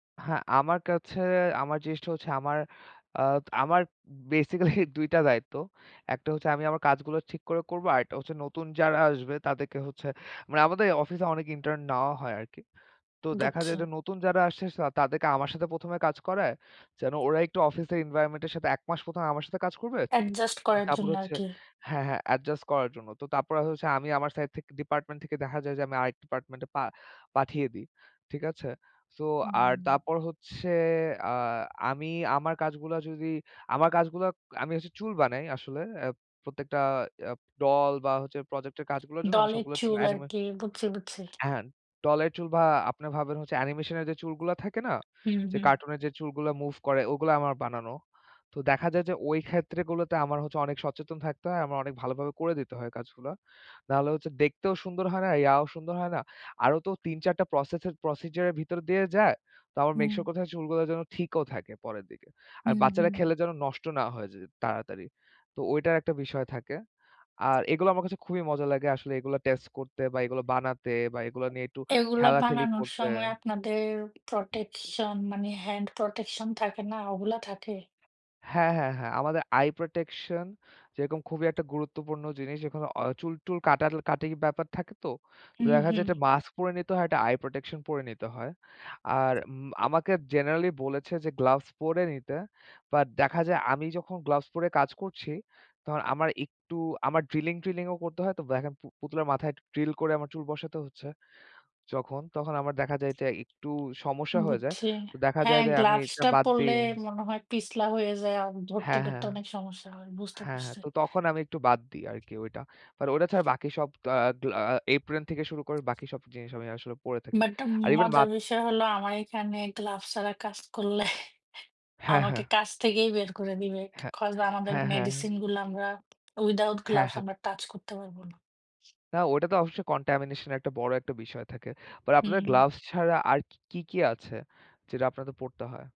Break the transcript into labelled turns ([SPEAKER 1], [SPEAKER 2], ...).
[SPEAKER 1] হ্যাঁ, আমার কাছে আমার জিনিসটা হচ্ছে আমার, আ আমার বেসিক্যালি ২ টা দায়িত্ব। একটা হচ্ছে আমি আমার কাজগুলো ঠিক করে করব, আরেকটা হচ্ছে নতুন যারা আসবে তাদেরকে হচ্ছে মানে, আমাদের অফিসে অনেক ইন্টার্ন নেওয়া হয় আরকি। তো দেখা
[SPEAKER 2] বুঝছি।
[SPEAKER 1] যায় যে নতুন যারা আসছে, তাদেরকে আমার সাথে ১ম এ কাজ করায়, যেন ওরা একটু অফিসের এনভাইরনমেন্টের সাথে, ১ মাস ১ম এ আমার সাথে কাজ করবে।
[SPEAKER 2] অ্যাডজাস্ট করার
[SPEAKER 1] তারপর
[SPEAKER 2] জন্য
[SPEAKER 1] হচ্ছে
[SPEAKER 2] আরকি।
[SPEAKER 1] হ্যাঁ, হ্যাঁ, অ্যাডজাস্ট করার জন্য। তো তারপরে হচ্ছে আমি আমার সাইড থেকে, ডিপার্টমেন্ট থেকে দেখা যায় যে, আমি আরেক ডিপার্টমেন্টে পা পাঠিয়ে দিই। ঠিক আছে? সো, আর
[SPEAKER 2] উম।
[SPEAKER 1] তারপর হচ্ছে, আ আমি আমার কাজগুলো যদি, আমার কাজগুলো আমি হচ্ছে চুল বানাই আসলে। প্রত্যেকটা এ ডল বা হচ্ছে প্রজেক্ট এর কাজগুলোর জন্য, আমি
[SPEAKER 2] ডলের
[SPEAKER 1] সবগুলোর জন্য
[SPEAKER 2] চুল
[SPEAKER 1] অ্যানিমে
[SPEAKER 2] আরকি। বুঝছি, বুঝছি।
[SPEAKER 1] হ্যাঁ, ডল এর চুল বা আপনে ভাবেন হচ্ছে, অ্যানিমেশন এর যে চুলগুলো থাকে না?
[SPEAKER 2] হুম,
[SPEAKER 1] যে,
[SPEAKER 2] হুম।
[SPEAKER 1] কারটুন এর যে চুলগুলো মুভ করে, ওগুলো আমার বানানো। তো দেখা যায় যে ওই ক্ষেত্রগুলোতে আমার হচ্ছে অনেক সচেতন থাকতে হয়। আমার অনেক ভালোভাবে করে দিতে হয় কাজগুলো। না হলে হচ্ছে দেখতেও সুন্দর হয় না, ইয়াও সুন্দর হয় না। আরও তো ৩-৪ টা প্রসেস এর প্রসেডিয়র এর ভিতর দিয়ে যায়। তো আমার মেক
[SPEAKER 2] হুম।
[SPEAKER 1] সিওর করতে হয় চুলগুলো যেন, ঠিকও থাকে পরের দিকে। আর
[SPEAKER 2] হুম,
[SPEAKER 1] বাচ্চারা
[SPEAKER 2] হুম।
[SPEAKER 1] খেলে যেন, নষ্ট না হয়ে যায় তাড়াতাড়ি। তো ওইটার একটা বিষয় থাকে। আর এগুলো আমার কাছে খুবই মজা লাগে আসলে। এগুলো টেস্ট করতে বা এগুলো বানাতে বা এগুলো নিয়ে একটু
[SPEAKER 2] এগুলা
[SPEAKER 1] খেলাখেলি
[SPEAKER 2] বানানোর
[SPEAKER 1] করতে।
[SPEAKER 2] সময় আপনাদের প্রটেকশন মানে, হ্যান্ড প্রটেকশন থাকে না? ওগুলা থাকে?
[SPEAKER 1] হ্যাঁ, হ্যাঁ, হ্যাঁ। আমাদের আই প্রটেকশন, যেরকম খুবই একটা গুরুত্বপূর্ণ জিনিস। এখানে অ চুল-টুল কাটা-কাটি ব্যাপার থাকে তো। তো
[SPEAKER 2] হুম,
[SPEAKER 1] দেখা যায়
[SPEAKER 2] হুম।
[SPEAKER 1] একটা মাস্ক পড়ে নিতে হয়, একটা আই প্রটেকশন পড়ে নিতে হয়। আর উম আমাকে জেনারাল্লি বলেছে যে, gloves পড়ে নিতে। But দেখা যায় আমি যখন gloves পড়ে কাজ করছি, তখন আমার একটু আমার drilling-ট্রিলিংও করতে হয়। দেখেন পু পুতুলের মাথায় একটু drill করে আমার চুল বসাতে হচ্ছে যখন, তখন আমার দেখা যায় যে একটু সমস্যা হয়ে যায়।
[SPEAKER 2] বুঝছি।
[SPEAKER 1] তো দেখা
[SPEAKER 2] হ্যাঁ,
[SPEAKER 1] যায় যে আমি
[SPEAKER 2] gloves
[SPEAKER 1] এটা
[SPEAKER 2] টা
[SPEAKER 1] বাদ
[SPEAKER 2] পরলে
[SPEAKER 1] দিই।
[SPEAKER 2] মনে হয় পিছলা হয়ে যায় আর
[SPEAKER 1] হ্যাঁ,
[SPEAKER 2] ধরতে-টরতে
[SPEAKER 1] হ্যাঁ, হ্যাঁ।
[SPEAKER 2] অনেক সমস্যা হয়। বুঝতে
[SPEAKER 1] হ্যাঁ, হ্যাঁ।
[SPEAKER 2] পারছি।
[SPEAKER 1] তো তখন আমি একটু বাদ দিই আরকি ওইটা। But ওটা ছাড়া বাকি সব, আ আ apron থেকে শুরু করে বাকি সব জিনিস আমি আসলে পড়ে থাকি।
[SPEAKER 2] But
[SPEAKER 1] আর even মা
[SPEAKER 2] মজার বিষয় হলো, আমার এখানে gloves ছাড়া কাজ করলে
[SPEAKER 1] হ্যাঁ,
[SPEAKER 2] আমাকে
[SPEAKER 1] হ্যাঁ।
[SPEAKER 2] কাজ থেকেই বের করে দিবে।
[SPEAKER 1] হ্যাঁ,
[SPEAKER 2] Cause আমাদের
[SPEAKER 1] হ্যাঁ, হ্যাঁ, হ্যাঁ।
[SPEAKER 2] medicine গুলা আমরা, without
[SPEAKER 1] হ্যাঁ,
[SPEAKER 2] gloves
[SPEAKER 1] হ্যাঁ।
[SPEAKER 2] আমরা touch করতে পারবো না।
[SPEAKER 1] না, ওটা তো অবশ্যই contamination একটা বড় একটা বিষয় থাকে। But আপনাদের
[SPEAKER 2] হুম।
[SPEAKER 1] gloves ছাড়া আর কি, কি আছে, যেটা আপনাদের পরতে হয়?